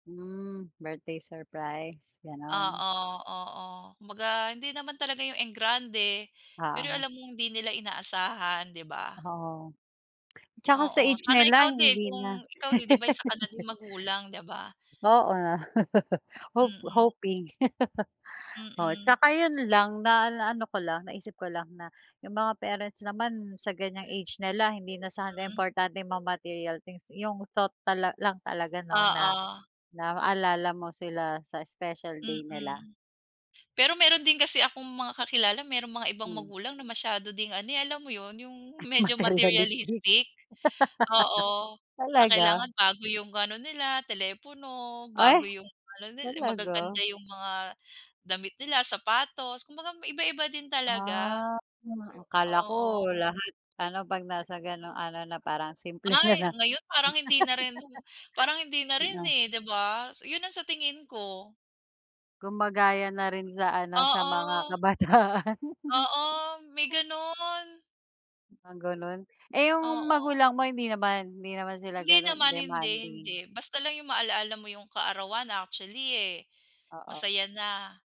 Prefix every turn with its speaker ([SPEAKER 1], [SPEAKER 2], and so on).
[SPEAKER 1] Hmm, birthday surprise, gano'n?
[SPEAKER 2] Oo, oo, kumbaga hindi naman talaga yung engrande, pero yung
[SPEAKER 1] Oo.
[SPEAKER 2] alam mong hindi nila inaasahan di ba?
[SPEAKER 1] Oo, 'tsaka sa
[SPEAKER 2] Oo,
[SPEAKER 1] age
[SPEAKER 2] sana
[SPEAKER 1] nila
[SPEAKER 2] ikaw din
[SPEAKER 1] hindi na
[SPEAKER 2] kung ikaw, eh, di ba isa ka na din magulang di ba?
[SPEAKER 1] Oo, hope
[SPEAKER 2] Mm.
[SPEAKER 1] hoping. Oo
[SPEAKER 2] Mm.
[SPEAKER 1] 'tsaka yun lang na naano ko lang naisip ko lang na yung mga parents naman sa ganiyang age nila hindi na sana
[SPEAKER 2] Hmm?
[SPEAKER 1] importanteng mga material things, yung thought tala lang talaga no na,
[SPEAKER 2] Oo.
[SPEAKER 1] naalala mo sila sa special day nila.
[SPEAKER 2] Mm, pero meron din kasi akong mga kakilala meron mga ibang
[SPEAKER 1] Mhm.
[SPEAKER 2] magulang na masyado ding ano, eh, alam mo yun yung
[SPEAKER 1] Ay
[SPEAKER 2] medyo
[SPEAKER 1] materialistic.
[SPEAKER 2] materialistic oo, na
[SPEAKER 1] Talaga?
[SPEAKER 2] kailangan bago yung ano nila telepono,
[SPEAKER 1] Ay,
[SPEAKER 2] bago yung ano nil
[SPEAKER 1] talaga?
[SPEAKER 2] magaganda yung mga damit nila sapatos, kumbaga iba-iba din talaga,
[SPEAKER 1] Ah, hmm, akala ko
[SPEAKER 2] oo.
[SPEAKER 1] lahat ano pag nasa ganong ano na parang simple na
[SPEAKER 2] Ay,
[SPEAKER 1] lang.
[SPEAKER 2] ngayon parang hindi na rin o parang hindi na rin,
[SPEAKER 1] Mm.
[SPEAKER 2] eh, di ba, so yun ang sa tingin ko.
[SPEAKER 1] Gumagaya na rin sa ano, sa mga
[SPEAKER 2] Oo.
[SPEAKER 1] kabataan.
[SPEAKER 2] Oo, may gano'n.
[SPEAKER 1] Ah, ganun, eh, yung
[SPEAKER 2] Oo.
[SPEAKER 1] magulang mo hindi naman, hindi naman sila
[SPEAKER 2] Hindi
[SPEAKER 1] gano'n,
[SPEAKER 2] naman, hindi, hindi,
[SPEAKER 1] demanding?
[SPEAKER 2] basta lang 'yong maalaala mo 'yong kaarawan actually, eh,
[SPEAKER 1] Oo.
[SPEAKER 2] masaya na.